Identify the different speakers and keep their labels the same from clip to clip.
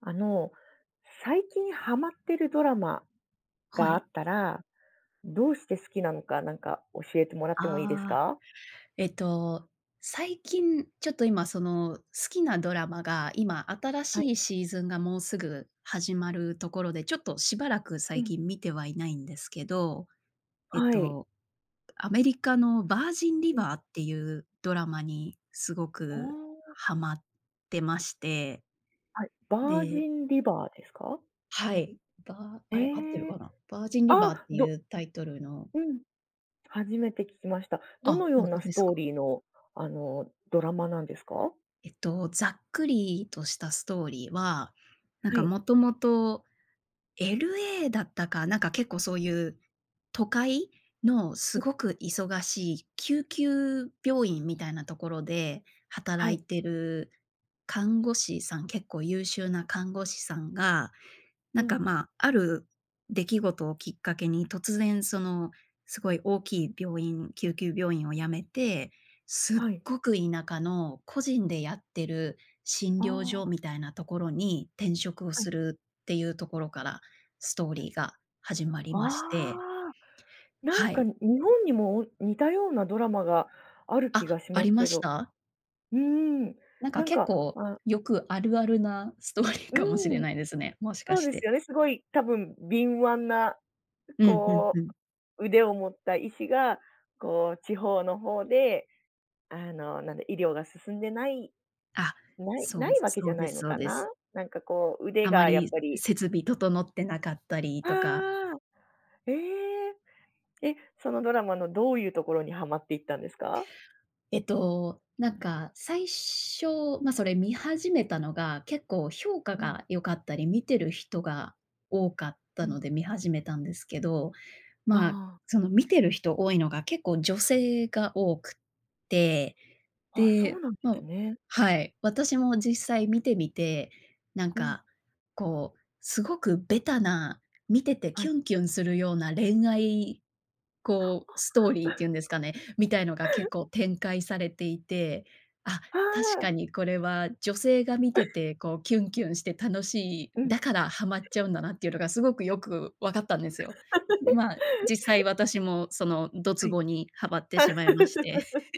Speaker 1: あの、最近はまってるドラマ
Speaker 2: は
Speaker 1: があ
Speaker 2: い。
Speaker 1: ったら、どうして好きなのか、なんか教えてもらってもいいです
Speaker 2: ああ、
Speaker 1: か？
Speaker 2: えっと最近ちょっと、今その、好きなドラマが今新
Speaker 1: はい。
Speaker 2: しいシーズンがもうすぐ始まるところで、ちょっとしばらく
Speaker 1: う
Speaker 2: 最
Speaker 1: ん。
Speaker 2: 近見てはいないんですけど、えっ
Speaker 1: はい。
Speaker 2: とアメリカのヴァージンリ
Speaker 1: うん。
Speaker 2: バーっていうドラマにすご
Speaker 1: あ
Speaker 2: く
Speaker 1: あ。
Speaker 2: はまってまして
Speaker 1: はい、ヴァー
Speaker 2: で
Speaker 1: ジンリバーですか？
Speaker 2: はい。バーあれ、合ってる
Speaker 1: ええ。
Speaker 2: かな？ヴァージン
Speaker 1: あ
Speaker 2: リバーっ
Speaker 1: あ！
Speaker 2: てい
Speaker 1: ど
Speaker 2: うタイトルの
Speaker 1: うん、初めて聞きました。ど
Speaker 2: あ、
Speaker 1: の
Speaker 2: ほ
Speaker 1: よう
Speaker 2: ん
Speaker 1: な
Speaker 2: とで
Speaker 1: ス
Speaker 2: す
Speaker 1: トー
Speaker 2: か。
Speaker 1: リーの、あの、ドラマなんですか？
Speaker 2: えっと、ざっくりとしたストーリーは、なん
Speaker 1: は
Speaker 2: か
Speaker 1: い。
Speaker 2: もともと、LA だったか、なんか結構そういう都会のす
Speaker 1: ん。
Speaker 2: ごく忙しい救急病院みたいなところで
Speaker 1: は
Speaker 2: 働
Speaker 1: い。
Speaker 2: いてる看護師さん結構優秀な看護師さんが、な
Speaker 1: う
Speaker 2: んか
Speaker 1: ん。
Speaker 2: まあ、ある出来事をきっかけに、突然その、すごい大きい病院救急病院を辞めて、すっ
Speaker 1: はい。
Speaker 2: ごく田舎の個人でやってる診
Speaker 1: あ
Speaker 2: 療所
Speaker 1: あ。
Speaker 2: みたいなところに転職を
Speaker 1: はい。
Speaker 2: するっていうところから、ストーリーが始まりまして
Speaker 1: ああ、なん
Speaker 2: は
Speaker 1: か、
Speaker 2: い。
Speaker 1: ん、日本にもお似たようなドラマがある
Speaker 2: あ、
Speaker 1: 気がし
Speaker 2: あ
Speaker 1: ます
Speaker 2: りま
Speaker 1: け
Speaker 2: し
Speaker 1: ど。
Speaker 2: た？
Speaker 1: うん、
Speaker 2: なんか
Speaker 1: なん
Speaker 2: 結
Speaker 1: か、
Speaker 2: 構
Speaker 1: あ
Speaker 2: よくあるあるなストーリー
Speaker 1: う
Speaker 2: かもしれ
Speaker 1: ん。
Speaker 2: ないですね、もしか
Speaker 1: そう
Speaker 2: し
Speaker 1: です
Speaker 2: て。
Speaker 1: よね、すごい多分敏腕な、
Speaker 2: うん、ふん
Speaker 1: こ
Speaker 2: ふん。
Speaker 1: う、腕を持った医師がこう、地方の方で、あの、なんだ、医療が進んでない、
Speaker 2: あ、
Speaker 1: ない
Speaker 2: そ
Speaker 1: な
Speaker 2: う、
Speaker 1: いわけじ
Speaker 2: そ
Speaker 1: ゃ
Speaker 2: う
Speaker 1: な
Speaker 2: で
Speaker 1: い
Speaker 2: す
Speaker 1: の
Speaker 2: そう
Speaker 1: か
Speaker 2: です。
Speaker 1: な、なんかこう腕
Speaker 2: あま
Speaker 1: が、やっ
Speaker 2: り
Speaker 1: ぱり
Speaker 2: 設備整ってなかったり
Speaker 1: あ
Speaker 2: とか
Speaker 1: あ、ええ。で、そのドラマのどういうところにはまっていったんですか？
Speaker 2: えっと、なんか最初、ま、それ見始めたのが、結構評価
Speaker 1: うん。
Speaker 2: が良かったり、見てる人が多かっ
Speaker 1: う
Speaker 2: た
Speaker 1: ん。
Speaker 2: ので見始めたんですけど、
Speaker 1: あ
Speaker 2: ま、
Speaker 1: あ。
Speaker 2: その見てる人多いのが、結構女性が多くって、
Speaker 1: あ、そ
Speaker 2: で、
Speaker 1: うなんで
Speaker 2: も
Speaker 1: す
Speaker 2: う
Speaker 1: ね。
Speaker 2: はい、私も実際見てみて、なん
Speaker 1: うん。
Speaker 2: かこうすごくベタな、見てて
Speaker 1: は
Speaker 2: キ
Speaker 1: い。
Speaker 2: ュンキュンするような恋愛、こうストーリーってい うんですかね、みたいのが結 構展開されていて、あ、
Speaker 1: は
Speaker 2: 確か
Speaker 1: あ。
Speaker 2: にこれは女性が見て てこうキュンキュンして楽しい、
Speaker 1: うん。
Speaker 2: だからハマっちゃうんだなっていうのがすごくよくわかったんですよ。で、まあ、実際 私もそのド
Speaker 1: は
Speaker 2: ツ
Speaker 1: い。
Speaker 2: ボにはまってしまいまして、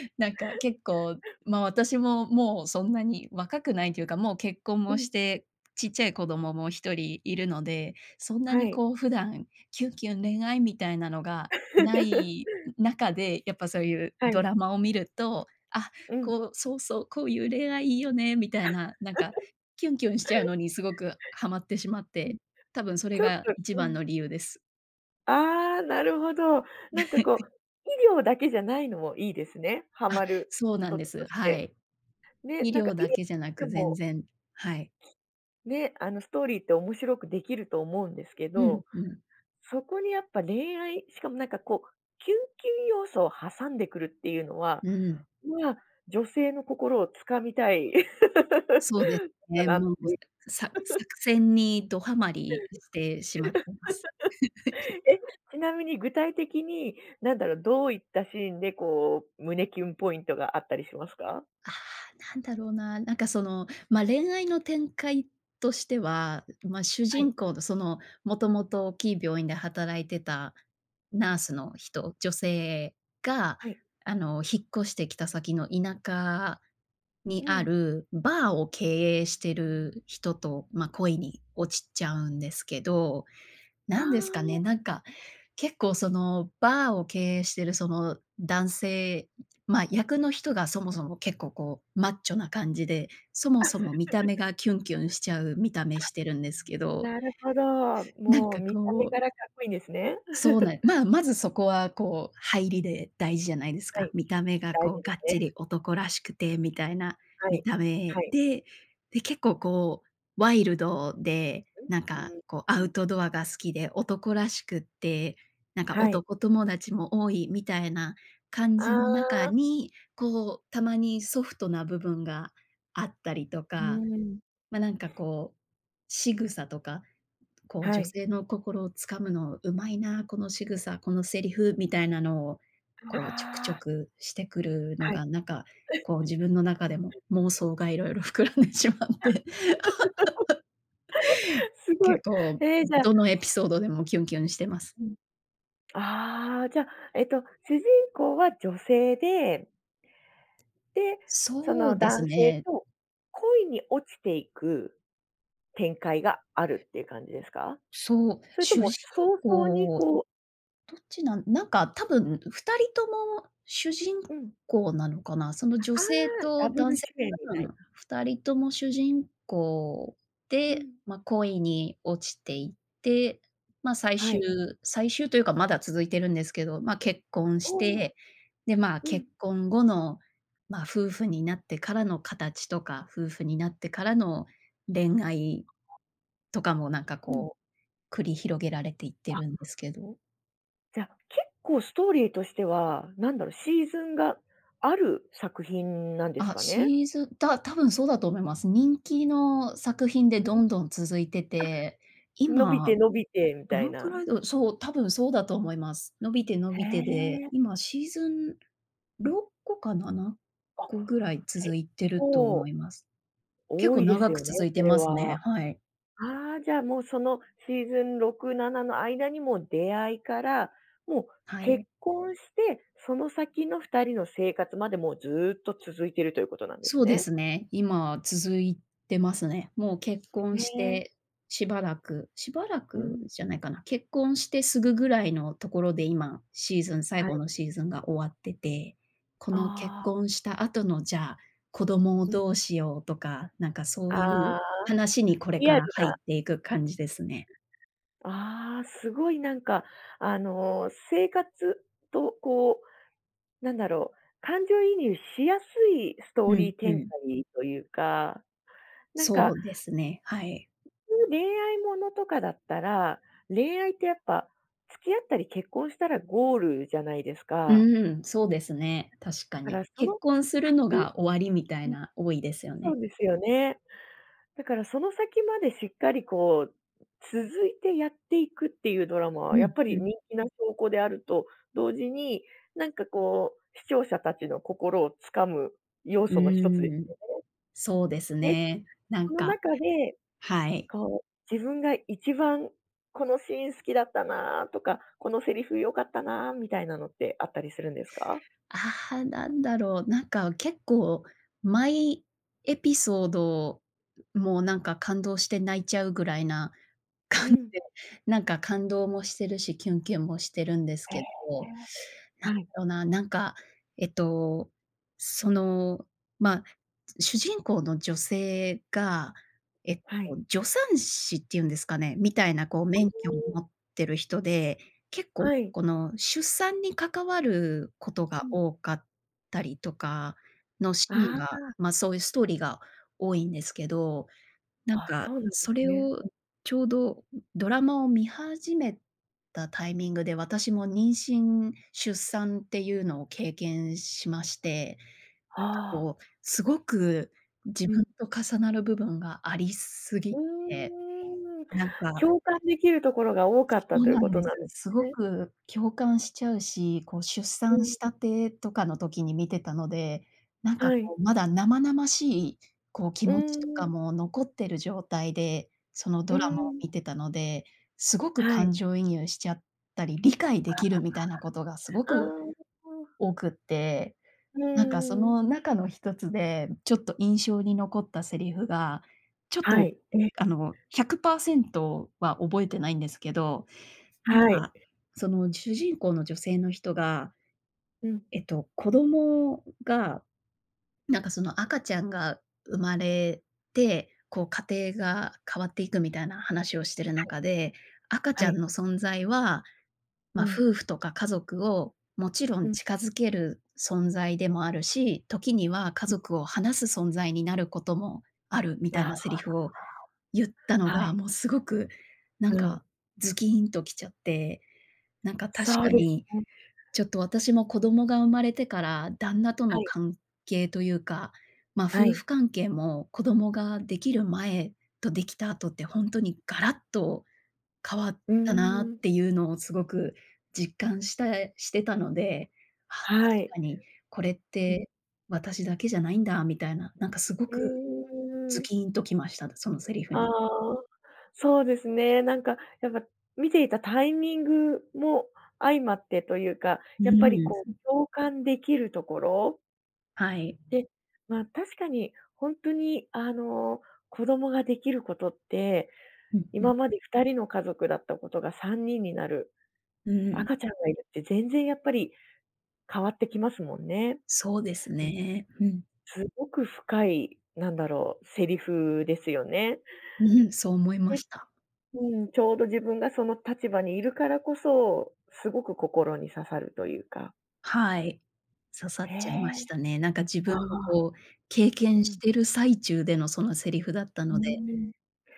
Speaker 2: なんか結構、まあ、私ももうそんなに若くないというか、もう結婚
Speaker 1: う
Speaker 2: もし
Speaker 1: ん。
Speaker 2: て、ちっちゃい子供も1人いるので、そんな
Speaker 1: は
Speaker 2: に
Speaker 1: い。
Speaker 2: こう普段キュンキュン恋愛みたいなのがない 中で、やっぱそういう
Speaker 1: は
Speaker 2: ド
Speaker 1: い。
Speaker 2: ラマを見ると、あ、
Speaker 1: うん。
Speaker 2: こうそう、そう、こういう恋愛いいよねみたいな、なんかキュンキュンしちゃう のにすごくはまってしまっ
Speaker 1: うん、
Speaker 2: て、たぶんそれ
Speaker 1: ちょっ
Speaker 2: が
Speaker 1: と
Speaker 2: 一
Speaker 1: う
Speaker 2: 番
Speaker 1: ん。
Speaker 2: の理由です。
Speaker 1: ああ、なるほど。なんかこう、医療だけじゃないのもいいですね、ハ
Speaker 2: あ、
Speaker 1: マる
Speaker 2: そうなん
Speaker 1: 一
Speaker 2: で
Speaker 1: つと
Speaker 2: す。
Speaker 1: し
Speaker 2: は
Speaker 1: て。
Speaker 2: い。
Speaker 1: ね、
Speaker 2: 医
Speaker 1: なんか
Speaker 2: 療
Speaker 1: い
Speaker 2: だけじゃな
Speaker 1: で
Speaker 2: く、全
Speaker 1: も
Speaker 2: 然はい。
Speaker 1: ね、あのストーリーって面白くできると思うんですけ
Speaker 2: うん
Speaker 1: ど、
Speaker 2: うん。
Speaker 1: そこにやっぱ恋愛しかもなんかこうキュンキュン要素を挟んでくるっていうのは、
Speaker 2: うん。
Speaker 1: ま、女性の心をつかみたい の
Speaker 2: そうで、
Speaker 1: か
Speaker 2: ね、
Speaker 1: なっ
Speaker 2: もう、
Speaker 1: て。
Speaker 2: さ作 戦にどはまりしてしまってます。
Speaker 1: え、ちなみに具体的に、何だろう、どういったシーンでこう胸キュンポイントがあったりしますか？
Speaker 2: ああ、なんだろうな、なんかその、ま、恋愛の展開としては、ま、主
Speaker 1: はい。
Speaker 2: 人公のその、もともと大きい病院で働いてた
Speaker 1: う
Speaker 2: ナー
Speaker 1: ん。
Speaker 2: スの人女性が
Speaker 1: はい。
Speaker 2: あの引っ越してきた先の田舎に
Speaker 1: う
Speaker 2: あ
Speaker 1: ん。
Speaker 2: るバーを経営してる人と、ま、恋に
Speaker 1: お。
Speaker 2: 落ちっちゃうんですけど、
Speaker 1: あ
Speaker 2: 何ですか
Speaker 1: あ。
Speaker 2: ね、なんか結構そのバーを経営してるその男性、ま、役の人がそもそも結構こうマッチョな感じで、そ も
Speaker 1: あ、
Speaker 2: そも見た目がキュンキュンしちゃう、見た目してるんですけど、
Speaker 1: なるほど。
Speaker 2: なん
Speaker 1: も
Speaker 2: か
Speaker 1: う見た目
Speaker 2: こ
Speaker 1: か
Speaker 2: う
Speaker 1: らかっこいんですね。
Speaker 2: そうな んまあまず、そこはこう、入りで大事じゃないです
Speaker 1: は
Speaker 2: か。
Speaker 1: い、
Speaker 2: 見た目が、
Speaker 1: 大
Speaker 2: こう、
Speaker 1: 事で
Speaker 2: がっち
Speaker 1: すね。
Speaker 2: り男らしくてみたいな
Speaker 1: は
Speaker 2: 見
Speaker 1: い、
Speaker 2: た
Speaker 1: は
Speaker 2: 目
Speaker 1: い。
Speaker 2: で、で、結構、こう、ワイルドで、
Speaker 1: う、う
Speaker 2: なんか
Speaker 1: ー
Speaker 2: こうア
Speaker 1: ん、
Speaker 2: ウ
Speaker 1: うん。
Speaker 2: トドアが好きで、男らしくって、なんか
Speaker 1: はい。
Speaker 2: 男友達も多いみたいな感じ
Speaker 1: あ
Speaker 2: の中
Speaker 1: あ。
Speaker 2: に、こうたまにソフトな部分があったりと
Speaker 1: う
Speaker 2: か、
Speaker 1: ーん。
Speaker 2: ま、なんか、こう、仕草とか、こう、
Speaker 1: は
Speaker 2: 女
Speaker 1: い。
Speaker 2: 性の心をつかむのうまいな、このしぐさ、このセリフみたいなのを、
Speaker 1: う
Speaker 2: こうちょくち
Speaker 1: は
Speaker 2: ょ
Speaker 1: あ。
Speaker 2: くしてくるの
Speaker 1: はい。
Speaker 2: が、なんか、こう、自分の中でも妄想が色々膨らんでしまって。
Speaker 1: すごい。
Speaker 2: 結構
Speaker 1: え、じゃ
Speaker 2: どのエピ ソードでもキュンキュンしてます。
Speaker 1: うん。ああ、じゃ、えと、主人公は女性でで、そ
Speaker 2: そ
Speaker 1: の
Speaker 2: うで
Speaker 1: 男
Speaker 2: す
Speaker 1: 性
Speaker 2: ね。
Speaker 1: と恋に落ちていく展開があるって感じですか？
Speaker 2: そう、
Speaker 1: それと
Speaker 2: 主
Speaker 1: も
Speaker 2: 人
Speaker 1: 早々に
Speaker 2: 公
Speaker 1: こう
Speaker 2: どっちなんなんか、多分、2人とも主人
Speaker 1: うん。
Speaker 2: 公なのかな、その女
Speaker 1: ああ、
Speaker 2: 性と
Speaker 1: ダブル
Speaker 2: 男性
Speaker 1: 主演み
Speaker 2: が多
Speaker 1: たい
Speaker 2: 分
Speaker 1: な。
Speaker 2: 2人とも主人公
Speaker 1: う
Speaker 2: で、
Speaker 1: ん。
Speaker 2: ま、恋に落ちていって、ま、最
Speaker 1: は
Speaker 2: 終
Speaker 1: い。
Speaker 2: 最終というか、まだ続いてるんですけど、ま、結婚し
Speaker 1: おお、
Speaker 2: て、で、まあ、
Speaker 1: う
Speaker 2: 結
Speaker 1: ん。
Speaker 2: 婚後のまあ夫婦になってからの形とか、夫婦になってからの恋愛とかもなんか
Speaker 1: うん。
Speaker 2: こう、繰り広げられていって
Speaker 1: あ。
Speaker 2: るんですけど。
Speaker 1: じゃ、結構ストーリーとしては、なんだろ、シーズンがある作品なんです
Speaker 2: あっ、
Speaker 1: かね？
Speaker 2: シーズン、た多分そうだと思います。人気の作品で
Speaker 1: [unintelligible] あ。
Speaker 2: どんどん続いてて。
Speaker 1: 伸び
Speaker 2: 今、
Speaker 1: て、伸びて、み
Speaker 2: ど
Speaker 1: たい
Speaker 2: のくら
Speaker 1: な。
Speaker 2: いだろそう、多分そうだと思います。伸びて、伸
Speaker 1: へ
Speaker 2: びてで、
Speaker 1: え。
Speaker 2: 今シーズン6個かなな
Speaker 1: あっ。
Speaker 2: こぐらい
Speaker 1: 結
Speaker 2: 続いてると
Speaker 1: 構
Speaker 2: 思います。結
Speaker 1: 多
Speaker 2: 構
Speaker 1: いです
Speaker 2: 長く
Speaker 1: よね、
Speaker 2: 続い
Speaker 1: そ
Speaker 2: て
Speaker 1: れ
Speaker 2: ますね、
Speaker 1: は。
Speaker 2: はい。
Speaker 1: ああ、じゃ、もう、その、シーズン6、7の間にも出会いから、もう
Speaker 2: は
Speaker 1: 結
Speaker 2: い。
Speaker 1: 婚して、その先の2人の生活まで、もうずっと続いているということなんです
Speaker 2: そうで
Speaker 1: ね。
Speaker 2: すね。今は続いてますね。もう結婚
Speaker 1: へ
Speaker 2: し
Speaker 1: え。
Speaker 2: て、しばらくしばら
Speaker 1: う
Speaker 2: く
Speaker 1: ん。
Speaker 2: じゃないかな、結婚して直ぐぐらいのところで、今、シーズン最
Speaker 1: は
Speaker 2: 後
Speaker 1: い。
Speaker 2: のシーズンが終わってて。この結
Speaker 1: ああ。
Speaker 2: 婚した後のじゃあ、子供を
Speaker 1: うん。
Speaker 2: どうしようとか、なんかそうい
Speaker 1: あ
Speaker 2: う
Speaker 1: あ。
Speaker 2: 話にこれ
Speaker 1: リ
Speaker 2: か
Speaker 1: ア
Speaker 2: ら
Speaker 1: ル
Speaker 2: 入っ
Speaker 1: な
Speaker 2: ていく感じですね。
Speaker 1: ああ、すごいなんか、あの、生活とこう、なんだろう、感情移入しやすいスト
Speaker 2: う
Speaker 1: ー
Speaker 2: ん
Speaker 1: リー
Speaker 2: う
Speaker 1: 展
Speaker 2: ん。
Speaker 1: 開というか、なん
Speaker 2: そ
Speaker 1: か
Speaker 2: うですね、はい。
Speaker 1: 普通恋愛ものとかだったら、恋愛ってやっぱ、付き合ったり、結婚したらゴールじゃないです
Speaker 2: う
Speaker 1: か。
Speaker 2: ーん。そうですね、確か
Speaker 1: だか
Speaker 2: に。
Speaker 1: らそ
Speaker 2: 結
Speaker 1: の、
Speaker 2: 婚するの
Speaker 1: 先
Speaker 2: が終わりみたい
Speaker 1: うん。
Speaker 2: な、多いですよ
Speaker 1: そ
Speaker 2: ね。
Speaker 1: うですよね。だからその先まで、しっかりこう、続いてやっていくっていうドラマは
Speaker 2: う
Speaker 1: や
Speaker 2: ん
Speaker 1: っぱ
Speaker 2: う
Speaker 1: り
Speaker 2: ん。
Speaker 1: 人気な証拠であると同時に、なんかこう、視聴者たちの心を掴む要
Speaker 2: う
Speaker 1: 素の一つで
Speaker 2: ーん。
Speaker 1: すよね。
Speaker 2: そうです
Speaker 1: で、
Speaker 2: ね。なん
Speaker 1: その
Speaker 2: か
Speaker 1: 中で、
Speaker 2: はい。
Speaker 1: こう、自分が一番「このシーン好きだったな」とか「このセリフ良かったな」みたいなのってあったりするんですか？
Speaker 2: ああ、なんだろう。なんか結構、毎エピソード、もう、なんか感動して泣いちゃうぐらいな
Speaker 1: う
Speaker 2: 感
Speaker 1: ん。
Speaker 2: じで、なんか感動もしてるし、キュンキュンもしてるんです
Speaker 1: へ
Speaker 2: け
Speaker 1: え。
Speaker 2: ど。なんだ
Speaker 1: はい。
Speaker 2: ろうな、なんか、えっと、その、まあ、主人公の女性が、えっ
Speaker 1: はい。
Speaker 2: と、助産師っていうんですかね、みたいなこう、免許を
Speaker 1: [unintelligible]
Speaker 2: 持ってる人で、結構
Speaker 1: はい。
Speaker 2: この出産に関わること
Speaker 1: う
Speaker 2: が
Speaker 1: ん。
Speaker 2: 多かったりとか、のシーン
Speaker 1: あ
Speaker 2: が、
Speaker 1: あ。
Speaker 2: ま、そういうストーリーが多いんですけど。なん
Speaker 1: あ、
Speaker 2: か
Speaker 1: そうなんで
Speaker 2: そ
Speaker 1: す
Speaker 2: れ
Speaker 1: ね。
Speaker 2: を
Speaker 1: うん。
Speaker 2: ちょうどドラマを観始めたタイミングで、私も妊娠、出産っていうのを経験しまして、
Speaker 1: ああ。
Speaker 2: こう、すごく自
Speaker 1: う
Speaker 2: 分
Speaker 1: ん。
Speaker 2: と重なる部分がありすぎ
Speaker 1: う
Speaker 2: て、
Speaker 1: ーん。
Speaker 2: なんか
Speaker 1: 共感できるところが多かった
Speaker 2: そう
Speaker 1: という
Speaker 2: な
Speaker 1: こ
Speaker 2: ん
Speaker 1: と
Speaker 2: です。
Speaker 1: なんで
Speaker 2: す
Speaker 1: す
Speaker 2: ご
Speaker 1: ね。
Speaker 2: く共感しちゃうし、こう、出
Speaker 1: う
Speaker 2: 産
Speaker 1: ん。
Speaker 2: したてとかの時に観てたので、なんか
Speaker 1: はい。
Speaker 2: こう、まだ生々しい、こう、気
Speaker 1: う
Speaker 2: 持ちと
Speaker 1: ーん。
Speaker 2: かも残ってる状態で、その
Speaker 1: うー
Speaker 2: ドラマを
Speaker 1: ん。
Speaker 2: 観てたので、すごく
Speaker 1: は
Speaker 2: 感
Speaker 1: い。
Speaker 2: 情移入しちゃったり、理解で
Speaker 1: あ
Speaker 2: きるみたいなことが、すご
Speaker 1: あああ。
Speaker 2: く
Speaker 1: ああ。
Speaker 2: 多くって。
Speaker 1: う
Speaker 2: なんか、そ
Speaker 1: ーん。
Speaker 2: の中の一つで、ちょっと印象に残ったセリフが、ちょっ
Speaker 1: は
Speaker 2: と
Speaker 1: い、え。
Speaker 2: あの100％は覚えてないんですけど、なん
Speaker 1: はい。
Speaker 2: か、その主人公の女性の人が、
Speaker 1: うん。
Speaker 2: えっと、子供が、なんかその、赤ちゃんが生まれて、こう家庭が変わっていくみたいな話をしている
Speaker 1: はい。
Speaker 2: 中で、赤ち
Speaker 1: は
Speaker 2: ゃん
Speaker 1: い。
Speaker 2: の存在は、
Speaker 1: う
Speaker 2: ま、
Speaker 1: ん。
Speaker 2: 夫婦とか家族をもちろ
Speaker 1: う
Speaker 2: ん
Speaker 1: ん。
Speaker 2: 近付ける存在でもあるし、時には家
Speaker 1: うん。
Speaker 2: 族を離す存在になることもある、みたい
Speaker 1: ああ。
Speaker 2: なセリフを言った
Speaker 1: [unintelligible]
Speaker 2: の
Speaker 1: は
Speaker 2: が、
Speaker 1: い。
Speaker 2: もうすごく、なん
Speaker 1: うん。
Speaker 2: か、ズキンときちゃって。なんか確
Speaker 1: そう
Speaker 2: か
Speaker 1: です
Speaker 2: に、
Speaker 1: ね。
Speaker 2: ちょっと私も子供が生まれてから、旦那と
Speaker 1: は
Speaker 2: の
Speaker 1: い。
Speaker 2: 関係というか、ま、
Speaker 1: は
Speaker 2: 夫
Speaker 1: い。
Speaker 2: 婦関係も子供ができる前とできた後って本当にガラッと変わっ
Speaker 1: うー
Speaker 2: たなっ
Speaker 1: ん。
Speaker 2: ていうのをすごく実感したしてたので「あ、確
Speaker 1: はい。
Speaker 2: かにこれっ
Speaker 1: [unintelligible]
Speaker 2: て私だけじゃないんだ」みたいな、なんかすご
Speaker 1: う
Speaker 2: くズ
Speaker 1: ーん。
Speaker 2: キンときました、そのセリフ
Speaker 1: あ
Speaker 2: に。
Speaker 1: あ。そうですね。なんか、やっぱ、観ていたタイミングも相まってというか、
Speaker 2: う
Speaker 1: やっぱり
Speaker 2: ー
Speaker 1: こ
Speaker 2: ん。
Speaker 1: う共感できるところ
Speaker 2: はい。
Speaker 1: で、まあ、確かに、ほんとにあの、子供ができることって、
Speaker 2: うんうん。
Speaker 1: 今まで2人の家族だったことが3人になる。
Speaker 2: うん。
Speaker 1: 赤ちゃんがいるって全然やっぱり変わってきますもんね。
Speaker 2: そうですね、うん。
Speaker 1: うん、すごく深い、なんだろう、セリフですよね。
Speaker 2: ううん、そう思いま
Speaker 1: え、
Speaker 2: した。
Speaker 1: うん、ちょうど自分がその立場にいるからこそ、すごく心に刺さるというか。
Speaker 2: はい、刺さっ
Speaker 1: へ
Speaker 2: ちゃい
Speaker 1: え、
Speaker 2: ましたね。なんか自
Speaker 1: あ
Speaker 2: 分も
Speaker 1: あ。
Speaker 2: こう、経
Speaker 1: う
Speaker 2: 験し
Speaker 1: ん。
Speaker 2: てる最中でのそのセリフだった
Speaker 1: う
Speaker 2: ので、
Speaker 1: ん。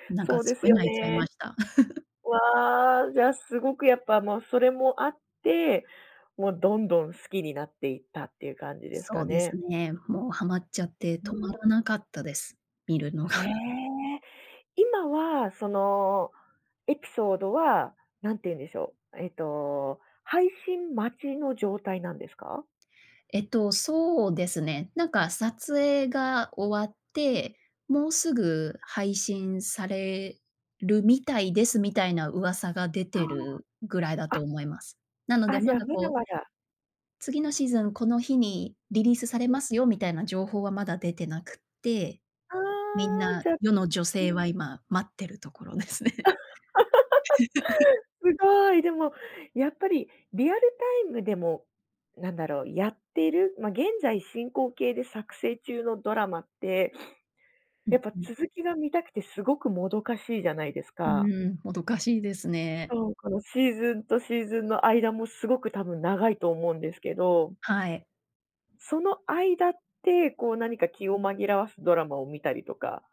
Speaker 2: なん
Speaker 1: そ
Speaker 2: か
Speaker 1: うで
Speaker 2: す
Speaker 1: す
Speaker 2: ごい
Speaker 1: よ
Speaker 2: 泣いちゃい
Speaker 1: ね。
Speaker 2: ました。
Speaker 1: わあ、じゃ、すごくやっぱもうそれもあって、もうどんどん好きになっていったっていう感じですか
Speaker 2: そうで
Speaker 1: ね。
Speaker 2: すね、もうハマっちゃって、
Speaker 1: う
Speaker 2: 止ま
Speaker 1: ん。
Speaker 2: らなかったです、見るのが。
Speaker 1: へえ、今はその、エピソードは、なんて言うんでしょう、えと、配信待ちの状態なんですか？
Speaker 2: えと、そうですね、なんか、撮影が終わっ
Speaker 1: うん。
Speaker 2: てもうすぐ配信されるみたいです、みたいな噂が出
Speaker 1: は
Speaker 2: てるぐらいだ
Speaker 1: あ、
Speaker 2: と
Speaker 1: あ！
Speaker 2: 思います。なので、
Speaker 1: あ、じ
Speaker 2: ま
Speaker 1: ゃ、
Speaker 2: だ、
Speaker 1: まだ
Speaker 2: こう
Speaker 1: まだ
Speaker 2: 「次のシーズン、この日にリリースされ
Speaker 1: うん。
Speaker 2: ますよ」みたいな情報はまだ出てなくって、
Speaker 1: は
Speaker 2: みん
Speaker 1: あ、
Speaker 2: な、
Speaker 1: じゃ、
Speaker 2: 世の女
Speaker 1: う
Speaker 2: 性
Speaker 1: ん。
Speaker 2: は今待ってるところですね。
Speaker 1: すごい、でも、やっぱりリアルタイムでも、なんだろう、やってる、ま、現在進行形で作成中のドラマって、
Speaker 2: う
Speaker 1: や
Speaker 2: ん、
Speaker 1: っぱ
Speaker 2: うん。
Speaker 1: 続きが見たくてすごくもどかしいじゃないです
Speaker 2: う
Speaker 1: か？
Speaker 2: ーん、もどかしいですね。
Speaker 1: そう、この、シーズンとシーズンの間もすごく多分長いと思うんですけど
Speaker 2: はい。
Speaker 1: その間ってこう、何か気を紛らわすドラマを見たりとか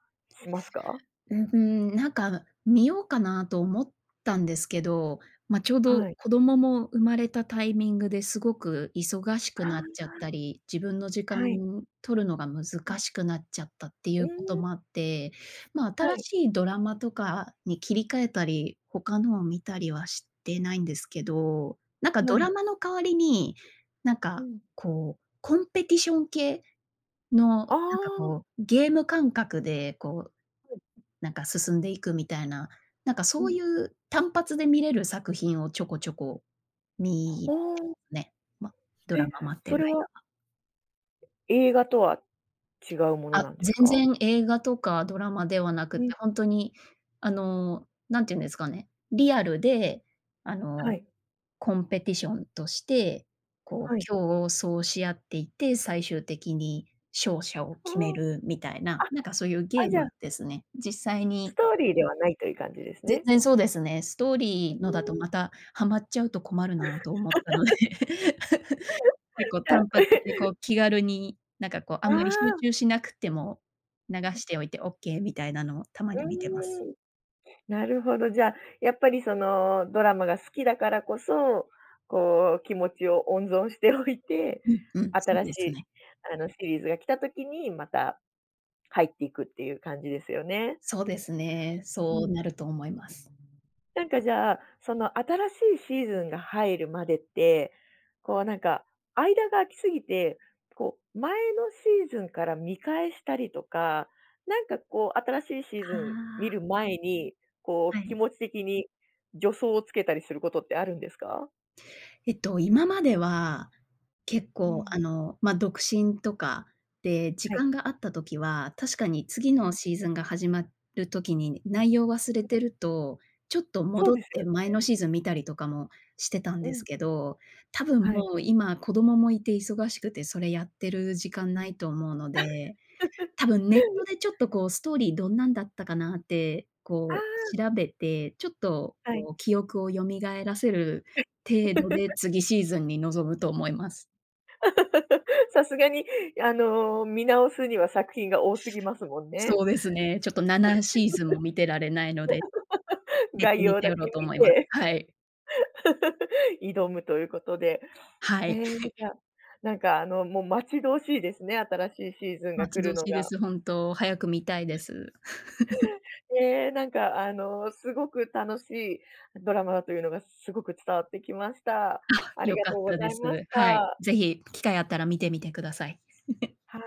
Speaker 1: しますか？
Speaker 2: う、ふーん、なんかあの、見ようかなと思ったんですけど、ま、ちょうど
Speaker 1: はい。
Speaker 2: 子供も生まれたタイミングで、すごく忙し
Speaker 1: あ
Speaker 2: く
Speaker 1: あ、
Speaker 2: なっちゃっ
Speaker 1: あ。
Speaker 2: たり、自分の時間
Speaker 1: はい。
Speaker 2: 取るのが難
Speaker 1: うん。
Speaker 2: しくなっちゃったってい
Speaker 1: う
Speaker 2: うこ
Speaker 1: ー
Speaker 2: と
Speaker 1: ん。
Speaker 2: もあって、ま、
Speaker 1: は
Speaker 2: 新
Speaker 1: い。
Speaker 2: しいドラマとかに切り替えたり、他のを見たりはしてないんですけど、なんか
Speaker 1: は
Speaker 2: ドラ
Speaker 1: い。
Speaker 2: マの代わりに、なん
Speaker 1: う
Speaker 2: か
Speaker 1: ん。
Speaker 2: こうコンペティション系のなん
Speaker 1: あ
Speaker 2: か
Speaker 1: あ。
Speaker 2: こう、ゲーム感覚でこう、
Speaker 1: うん。
Speaker 2: なんか進んでいくみたいな、なんか
Speaker 1: う
Speaker 2: そう
Speaker 1: ん。
Speaker 2: いう単発で見れる作品をちょこちょこ
Speaker 1: あ
Speaker 2: み
Speaker 1: あ。
Speaker 2: ね、ま、ドラ
Speaker 1: え？
Speaker 2: マ待って
Speaker 1: そ
Speaker 2: る
Speaker 1: れは
Speaker 2: 間は。
Speaker 1: 映画とは違うもの
Speaker 2: あ、
Speaker 1: なんです
Speaker 2: 全
Speaker 1: か？
Speaker 2: 然映画とかドラマではなく
Speaker 1: う
Speaker 2: て、
Speaker 1: ん。
Speaker 2: ほんとに、あの、何て言うんですかね、リアルで、あ
Speaker 1: は
Speaker 2: の、
Speaker 1: い。
Speaker 2: コンペティションとして、こ
Speaker 1: は
Speaker 2: う
Speaker 1: い。
Speaker 2: 競争し合っていて、最終的に勝者を
Speaker 1: ああ、
Speaker 2: 決めるみたいな、なんかそういうゲ
Speaker 1: あ、あ、
Speaker 2: ー
Speaker 1: じゃ
Speaker 2: ム
Speaker 1: あ
Speaker 2: ですね。実際
Speaker 1: ス
Speaker 2: に
Speaker 1: トーリーではないという感じです
Speaker 2: 全
Speaker 1: ね。
Speaker 2: 然そうですね。ストーリ
Speaker 1: う
Speaker 2: ーのだと
Speaker 1: ーん。
Speaker 2: またハマっちゃうと困るなと思ったので。結構
Speaker 1: じゃあ。
Speaker 2: 単発でこ う気軽に、なんかこう、あ
Speaker 1: あ
Speaker 2: んまり集
Speaker 1: あ。
Speaker 2: 中しなくても、流
Speaker 1: うん。
Speaker 2: しておいてオッケーみたいなのをたまに見てます。
Speaker 1: うーん、なるほど、じゃ、やっぱりそのドラマが好きだからこそ、こう気持ちを温存しておいて、
Speaker 2: うんうん、そう
Speaker 1: 新し
Speaker 2: です
Speaker 1: い、
Speaker 2: ね。
Speaker 1: あの、シリーズが来た時にまたかいっていくっていう感じですよね。
Speaker 2: そうですね、
Speaker 1: う
Speaker 2: そ
Speaker 1: ん。
Speaker 2: うなると思います。
Speaker 1: なんかじゃあ、その新しいシーズンが入るまでって、こうなんか、間が空きすぎて、こう前のシーズンから見返したりとか、なんかこう、新しいシーズ
Speaker 2: あ
Speaker 1: ン見る
Speaker 2: あ。
Speaker 1: 前に、こ
Speaker 2: は
Speaker 1: う気
Speaker 2: い。
Speaker 1: 持ち的に助走をつけたりすることってあるんですか？
Speaker 2: えっと、今までは、結
Speaker 1: う
Speaker 2: 構、
Speaker 1: ん。
Speaker 2: あの、ま、独身とか、で、時
Speaker 1: はい。
Speaker 2: 間があった時は、確かに次
Speaker 1: う
Speaker 2: の
Speaker 1: ん。
Speaker 2: シーズンが始まる時に内容を忘れ
Speaker 1: [unintelligible]
Speaker 2: てると、ちょっと
Speaker 1: そう
Speaker 2: 戻っ
Speaker 1: ですよ
Speaker 2: て前
Speaker 1: ね。
Speaker 2: のシーズン見たりとかもしてたん
Speaker 1: う
Speaker 2: です
Speaker 1: ん。
Speaker 2: けど、多分
Speaker 1: はい。
Speaker 2: もう今子供もいて忙しくてそれやってる時間ないと思うので、たぶんネットでちょっと、こう、ストーリーどんなんだったかなって、
Speaker 1: あ
Speaker 2: こ
Speaker 1: あ。
Speaker 2: う、調べて、ちょっと、
Speaker 1: はい。
Speaker 2: こう、記憶を蘇らせる程度で 次シーズンに臨むと思います。
Speaker 1: さすがに、あの、見直すには作品が多すぎますもんね。
Speaker 2: そうですね、ちょっと7シーズンも見てられないので、ネッ
Speaker 1: 概
Speaker 2: トに
Speaker 1: 要だ
Speaker 2: 頼ろ
Speaker 1: け
Speaker 2: うと
Speaker 1: 見
Speaker 2: 思います。
Speaker 1: て。
Speaker 2: はい。
Speaker 1: 挑むということで。
Speaker 2: はい、
Speaker 1: へえ、
Speaker 2: はい。
Speaker 1: じゃあなんか、あの、もう、待ち遠しいですね、新しいシーズンが
Speaker 2: 待
Speaker 1: 来
Speaker 2: ち
Speaker 1: る
Speaker 2: 遠
Speaker 1: の
Speaker 2: しいで
Speaker 1: が。
Speaker 2: す、本当。早く見たいです。
Speaker 1: ええ、なんか、あの、すごく楽しいドラマだというのがすごく伝わってきました。
Speaker 2: あ、
Speaker 1: あり
Speaker 2: よ
Speaker 1: が
Speaker 2: かっ
Speaker 1: とうご
Speaker 2: た
Speaker 1: ざ
Speaker 2: で
Speaker 1: いまし
Speaker 2: す。はい。
Speaker 1: た。
Speaker 2: ぜひ機会あったら見てみてください。
Speaker 1: は